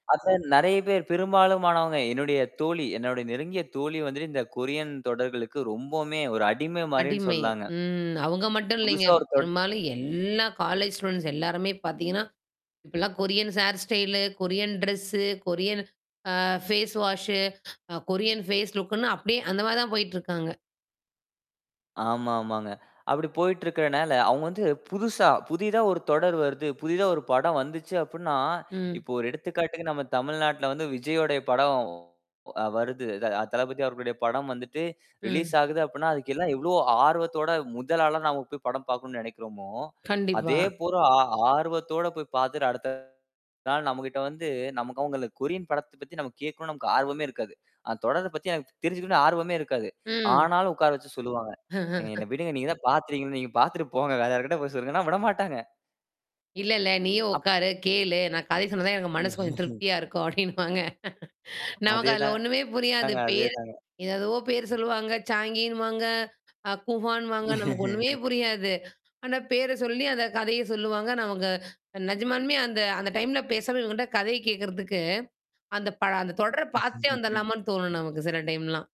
அதான் நெறையா பேர் பெரும்பாலுமானவங்க என்னுடைய தோழி, என்னுடைய நெருங்கிய தோழி வந்துட்டு இந்த கொரியன் தொடர்களுக்கு ரொம்பவுமே ஒரு அடிமை மாரின்னு அடிமை. சொல்லாங்க. ம். அவுங்க மட்டும் இல்லேங்க. புதுசா ஒரு தொட பெரும்பாலும் எல்லா காலேஜ் ஸ்டூடண்ட்ஸ் எல்லாருமே பாத்தீங்கன்னா, இப்பெல்லாம் Koreans hair style, Korean dress, Korean uh face wash, uh Korean face லுக்குன்னு அப்பிடியே அந்தமாரி தான் போயிட்டு இருக்காங்க. ஆமா, ஆமாங்க. அப்பிடி போயிட்டு இருக்கிறனால அவுங்க வந்து புதுசா, புதிதா ஒரு தொடர் வருது, புதிதா ஒரு படம் வந்துச்சு அப்டின்னா, ம். இப்ப ஒரு எடுத்துக்காட்டுக்கு நம்ம தமிழ்நாட்ல வந்து விஜய்யோடய படம் அ வருது. அத, அ தளபதி அவர்களுடைய படம் வந்துட்டு ரிலீஸ் ம். ஆகுது அப்பிடின்னா, அதுக்கெல்லாம் எவ்ளோ ஆர்வத்தோட, முதல் ஆளா நாம போய் படம் பாக்கணுன்னு நெனைக்கிறோமோ! கண்டிப்பா. அதேபோல ஆ, ஆர்வத்தோட போய் பாத்துட்டு, அடுத்த நாள் நம்மக்கிட்ட வந்து நமக்கு அவுங்கள கொரியன் படத்தப் பத்தி நம்ம கேக்கணுன்னு நமக்கு ஆர்வமே இருக்காது. அந்தத் தொடரப் பத்தி எனக்கு தெரிஞ்சுக்கணுன்னு ஆர்வமே இருக்காது. ம். ஆனாலும் உக்கார வச்சு சொல்லுவாங்க. "ஏங்க என்ன விடுங்க. நீங்கதான் பாத்துடீங்கள்ல!" நீங்கப் பாத்துட்டு போங்க. வேற யாருக்கிட்ட போய் சொல்லுங்கன்னா, விடமாட்டாங்க. இல்ல, இல்ல! நீயும் அப் உக்காரு, கேளு! நான் கதை சொன்னாதான் எனக்கு மனசு கொஞ்சம் திருப்தியா இருக்கும் அப்பிடின்னுவாங்க. நமக்கு அதே அதுல ஒண்ணுமே புரியாது. தாங்க, அதே பேரு தாங்க. எது, எதுவோ பேரு சொல்லுவாங்க. சாங்கின்னுவாங்க, அ கூஹான்னுவாங்க. நமக்கு ஒண்ணுமே புரியாது. ஆனா பேர சொல்லி, அந்தக் கதைய சொல்லுவாங்க. நமக்கு அ நிஜமாலுமே அந்த அந்த டைம்ல பேசவே வேண்டாம், கதையக் கேக்குறதுக்கு, அந்தப் பழ அந்தத் தொடரப் பாத்துட்டே வந்திர்லாமான்னு தோணும் நமக்கு சில டைம்லாம்.